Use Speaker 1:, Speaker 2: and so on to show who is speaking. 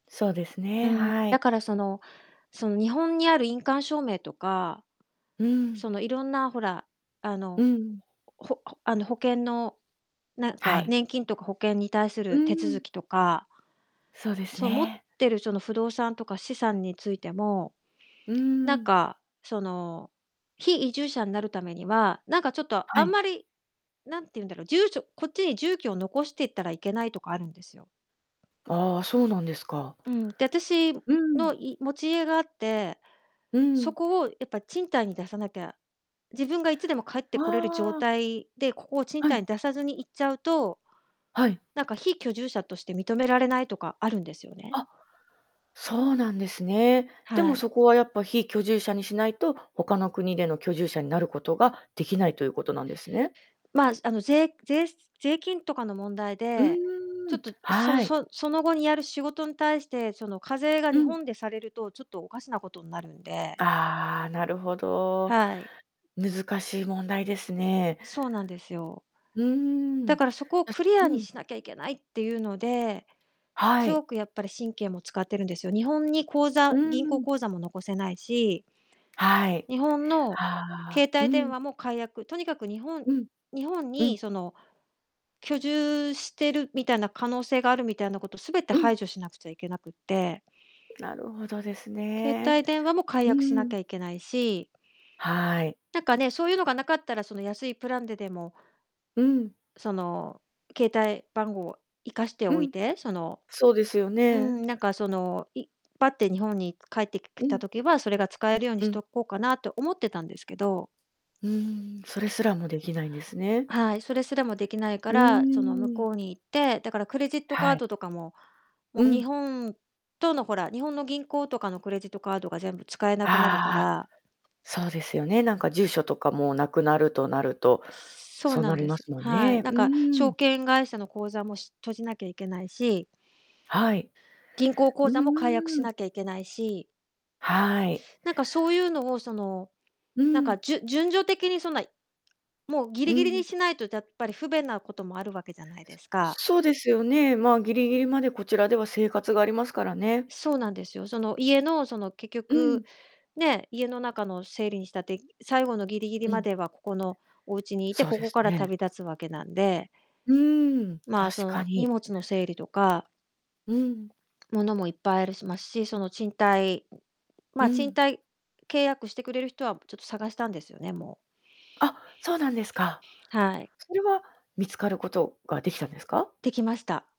Speaker 1: そうです
Speaker 2: う
Speaker 1: ね、
Speaker 2: ん、
Speaker 1: はい。
Speaker 2: だからそのその日本にある印鑑証明とか、
Speaker 1: うん。
Speaker 2: そのいろんなほら、あ
Speaker 1: う
Speaker 2: の、
Speaker 1: ん。
Speaker 2: ここ、ほあ、ほあの、保険の、なん
Speaker 1: は
Speaker 2: か
Speaker 1: い。
Speaker 2: 年金とか保険に対す
Speaker 1: う
Speaker 2: る手続
Speaker 1: ん。
Speaker 2: きとか
Speaker 1: そうです
Speaker 2: そう、持っ
Speaker 1: ね。
Speaker 2: てるその不動産とか資産についても、
Speaker 1: うー
Speaker 2: なん
Speaker 1: ん。
Speaker 2: か、その、非移住者になるためには、なんかちょっと
Speaker 1: は
Speaker 2: あん
Speaker 1: い。
Speaker 2: まり何て言うんだろう、住所こっちに住居を残していったらいけないとかあるんですよ。
Speaker 1: ああ、そうなんですか。
Speaker 2: うん、で、私
Speaker 1: うん。
Speaker 2: のい持ち家があって、
Speaker 1: う
Speaker 2: そ
Speaker 1: ん。
Speaker 2: こをやっぱ賃貸に出さなきゃ、自分がいつでも帰ってこれる状
Speaker 1: ああ。
Speaker 2: 態で、ここを賃
Speaker 1: は
Speaker 2: 貸
Speaker 1: い。
Speaker 2: に出さずに行っちゃうと、
Speaker 1: はい。
Speaker 2: なんか非居住者として認められないとかあるんですよね。
Speaker 1: あ、そうなんですね。で
Speaker 2: は
Speaker 1: も
Speaker 2: い。
Speaker 1: そこはやっぱ非居住者にしないと他の国での居住者になることができないということなんですね。
Speaker 2: まあ、ずあの、税ぜいしつ税金とかの問題
Speaker 1: う
Speaker 2: で、
Speaker 1: ー
Speaker 2: ちょっ
Speaker 1: ん、
Speaker 2: と、うその
Speaker 1: はい。
Speaker 2: そその後にやる仕事ん対してその課税が
Speaker 1: う
Speaker 2: 日
Speaker 1: ん。
Speaker 2: 本でされるとちょっとおかしなことんなるんで。
Speaker 1: ああ、なるほど。
Speaker 2: はい。
Speaker 1: 難しい問題ですね。
Speaker 2: そうなんですよ。
Speaker 1: うーん、
Speaker 2: だ
Speaker 1: な、
Speaker 2: からそこを
Speaker 1: し
Speaker 2: クリア
Speaker 1: う
Speaker 2: に
Speaker 1: ん。
Speaker 2: しなきゃいけないっていうので、
Speaker 1: は
Speaker 2: すご
Speaker 1: い。
Speaker 2: くやっぱり神経も使ってるんですよ。日本に口
Speaker 1: う
Speaker 2: 座
Speaker 1: ー
Speaker 2: 銀行
Speaker 1: ん。
Speaker 2: 口座も残せないし
Speaker 1: はい。
Speaker 2: 日本の
Speaker 1: は
Speaker 2: 携
Speaker 1: あ、う
Speaker 2: 帯電
Speaker 1: ん。
Speaker 2: 話も解約とにかく日本
Speaker 1: うん、
Speaker 2: 日本
Speaker 1: うん。
Speaker 2: にその居住してるみたいな可能性があるみたいなことすべて
Speaker 1: うん。
Speaker 2: 排除しなくちゃいけなくって。
Speaker 1: なるほどです
Speaker 2: 携
Speaker 1: ね。
Speaker 2: 帯電話も解
Speaker 1: う
Speaker 2: 約し
Speaker 1: ー
Speaker 2: なき
Speaker 1: ん。
Speaker 2: ゃいけないし
Speaker 1: はい。
Speaker 2: なんかね、そういうのがなかったら、その安いプランででも
Speaker 1: うん。
Speaker 2: その、携帯番号を生かして
Speaker 1: う
Speaker 2: おい
Speaker 1: ん。
Speaker 2: て、その
Speaker 1: そうですよ
Speaker 2: うー
Speaker 1: ね。
Speaker 2: ん、なんかそのいバッて日本に帰ってき
Speaker 1: う
Speaker 2: きた
Speaker 1: ん。
Speaker 2: 時は、それが使えるように
Speaker 1: う
Speaker 2: し
Speaker 1: ん。
Speaker 2: とこうかなって思ってたんですけど
Speaker 1: うーん、それすらもできないんですね。
Speaker 2: はい、それすらもできないか
Speaker 1: う
Speaker 2: ら、その向
Speaker 1: ーん。
Speaker 2: こうに行ってだからクレジットカー
Speaker 1: はい。
Speaker 2: ドとかも、も
Speaker 1: う
Speaker 2: う日
Speaker 1: ん。
Speaker 2: 本とのほら、日本の銀行とかのクレジットカードが全部使えなくなるか
Speaker 1: ああ、
Speaker 2: ら
Speaker 1: そうですよね、なんか住所とかもなくなるとなると、
Speaker 2: そう
Speaker 1: そう
Speaker 2: な
Speaker 1: な
Speaker 2: ん
Speaker 1: り
Speaker 2: で
Speaker 1: ま
Speaker 2: す、
Speaker 1: すもん
Speaker 2: は
Speaker 1: ね。
Speaker 2: い。
Speaker 1: う
Speaker 2: なんか
Speaker 1: ー
Speaker 2: 証
Speaker 1: ん。
Speaker 2: 券会社の口座もし閉じなきゃいけないし
Speaker 1: はい。
Speaker 2: 銀行口
Speaker 1: うう
Speaker 2: 座も解約し
Speaker 1: うーん。
Speaker 2: なきゃいけないし
Speaker 1: はい。
Speaker 2: なんかそういうのをその
Speaker 1: う
Speaker 2: なんか、
Speaker 1: ん。
Speaker 2: じゅ順序的にそんないもうギ
Speaker 1: う
Speaker 2: リギリ
Speaker 1: ん、ふん。
Speaker 2: にしないとだやっぱり不便なこともあるわけじゃないですか。
Speaker 1: そう。そうですよね。まあギリギリまでこちらでは生活がありますからね。
Speaker 2: そうなんですよ。その家のその結
Speaker 1: う
Speaker 2: 局
Speaker 1: ん。
Speaker 2: ね、家の中の整理にしたって、最後のギリギリ
Speaker 1: う
Speaker 2: ま
Speaker 1: ん。
Speaker 2: ではここのお家にいて、
Speaker 1: そう
Speaker 2: こ
Speaker 1: で
Speaker 2: こ
Speaker 1: す
Speaker 2: から
Speaker 1: ね。
Speaker 2: 旅立つわけなんで。
Speaker 1: うーん、
Speaker 2: まあ、そ
Speaker 1: 確か
Speaker 2: の荷
Speaker 1: に。
Speaker 2: 物の整理とか
Speaker 1: うん。
Speaker 2: 物もいっぱいあるしますし、その賃貸ま
Speaker 1: う
Speaker 2: あ、賃
Speaker 1: ん。
Speaker 2: 貸契約してくれる人はちょっと探したんですよね、もう。
Speaker 1: あ、そうなんですか。
Speaker 2: はい。
Speaker 1: それは見つかることができたんですか？
Speaker 2: できました。